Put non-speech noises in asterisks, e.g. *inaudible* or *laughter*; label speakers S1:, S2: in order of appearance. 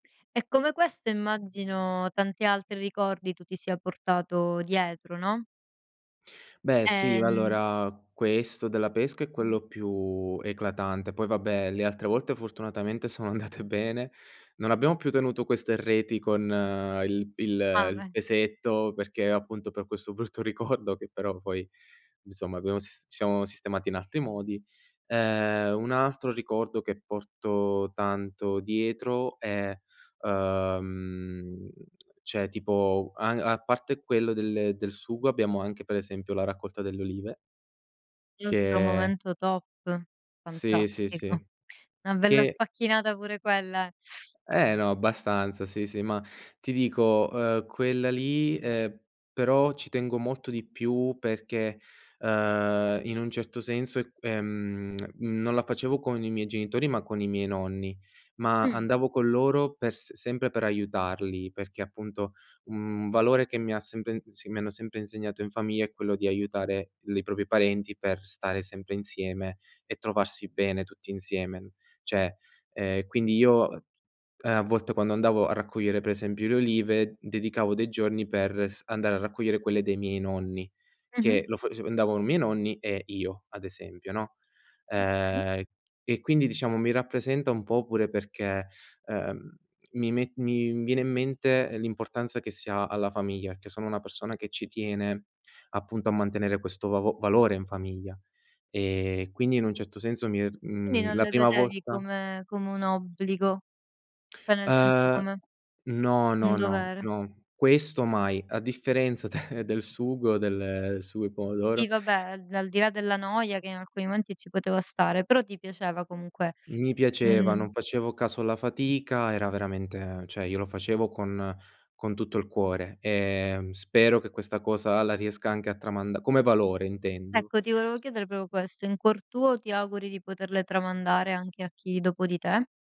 S1: E come questo immagino tanti altri ricordi tu ti sia portato dietro, no?
S2: Beh, sì,
S1: Ehm
S2: allora, questo della pesca è quello più eclatante, poi, vabbè, le altre volte fortunatamente sono andate bene. Non abbiamo più tenuto queste reti con il il
S1: Ah,
S2: il
S1: eh!
S2: pesetto, perché appunto per questo brutto ricordo che però poi insomma abbiamo sis ci siamo sistemati in altri modi. Ehm, un altro ricordo che porto tanto dietro è ehm, cioè tipo a a parte quello del del sugo, abbiamo anche, per esempio, la raccolta delle olive
S1: Il nostro
S2: che
S1: momento top,
S2: Sì, sì,
S1: fantastico.
S2: sì,
S1: Una bella
S2: che
S1: sfacchinata pure quella è.
S2: Eh, no, abbastanza, sì, sì, ma ti dico, ehM, quella lì, ehM, però ci tengo molto di più perché, ehm, in un certo senso, ehm, *smacks lips* non la facevo con i miei genitori, ma con i miei nonni, ma
S1: Mh.
S2: andavo con loro per s sempre per aiutarli, perché, appunto, un valore che mi ha sempre s mi hanno sempre insegnato in famiglia è quello di aiutare l i propri parenti per stare sempre insieme e trovarsi bene tutti insieme. Cioè, ehm, quindi io, uhm, ehm, a volte quando andavo a raccogliere, per esempio, le olive, dedicavo dei giorni per s andare a raccogliere quelle dei miei nonni,
S1: Mh-mh.
S2: che lo fac andavano miei nonni e io ,ad esempio, no?
S1: Okay.
S2: Ehm, e quindi, diciamo, mi rappresenta un po' pure perché, ehm, mi me mi viene in mente l'importanza che si ha alla famiglia, perché sono una persona che ci tiene, appunto, a mantenere questo vav valore in famiglia e quindi in un certo senso mi è
S1: Quindi
S2: mhmm,
S1: non
S2: la
S1: le
S2: prima
S1: vedevi
S2: volta
S1: come come un obbligo, cioè nel senso,
S2: Eh,
S1: come
S2: no, no,
S1: un
S2: no,
S1: dovere.
S2: no, questo mai. A differenza de del sugo del sugo di
S1: Sì,
S2: pomodoro
S1: vabbè, a al di là della noia che in alcuni momenti ci poteva stare, però ti piaceva comunque,
S2: Mi piaceva,
S1: mh.
S2: non facevo caso alla fatica, era veramente cioè io lo facevo con con tutto il cuore, ehm, spero che questa cosa la riesca anche a tramand come valore intendo.
S1: Ecco, ti volevo chiedere proprio questo: in cuor tuo ti auguri di poterle tramandare anche a chi dopo di te?